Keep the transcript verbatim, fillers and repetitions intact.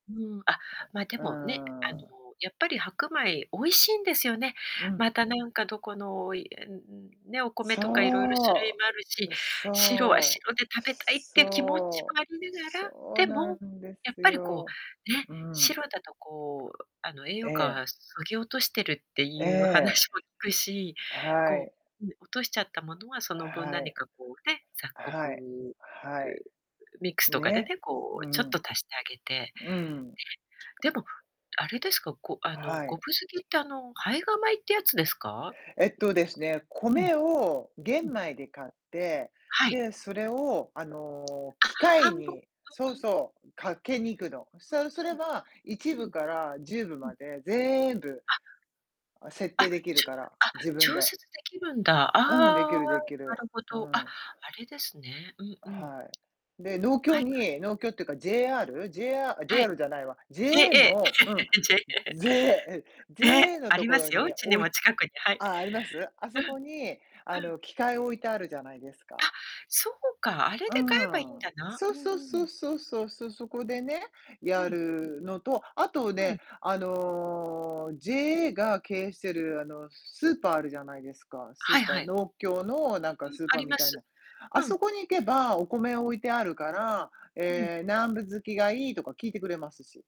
うん、あ、ま、でうもね、あの、ーん。やっぱり白米、美味しいんですよね。うん。また何かどこのいえんうん、ね、お米とか色々種類そもあるし、う。う、白はそう。白で食べたいっていう気持ちそもあう。りながそら、うでなも、んでやっすぱりこよ、う、ね、うん。白だとこう、あの、栄え養価え。はそぎ落としてるってえいうえ。話も聞くし、はこい。う、ぬ落としちゃったものはその分は何い。かこう、ね、雑穀、はい。はい。うミックスとかでね、ね、こううちょっとん。足してあげて、ね。うん。でも、あれですか、ごあの、はごぶい。づきってあの、胚芽米ってやつですか？えっとですね、うん。米をうん。玄米で買って、はい。で、それをあの、あ、機械半分うにそうんうん。そう、かけに行くの。さうう、すうれん。ば、いちうぶん。からじゅうぶうん。までぜんぶ、あ。あ、設あっ、定できるちゅから、あ、自分調で。節できるんだ。うん、できああ、るできなる。るほうど。あ、ん。あれですね。うんうん。はい。で、農は協いはい。に農協っていうか JR。ジェーアーあ、はい。JR じゃないわ、JA JA。のうん。ジェイ JA、ええ。え、JA のあとりこまろすよ、うにちに置いも近くに。はい。あ、あります？あうん。そうこに、あん。の、機械置いてあるじゃないですあ、か。そうか、あれうーで買えばいいんん。だな。うそうんそううそん。うそうそうそう。そこうでね、ん。うやん。るのと、あとはね、い。あの、JA が経営してうん。る、あの、スーパーあるじゃないですか。スはーいパーはい。農協のなんかうん、スーあパーりみまたいす。な。あうん。そこに行けばお米うをん。置いてあるから、うん。ええ、何分づきがいいとか聞いてくれますし。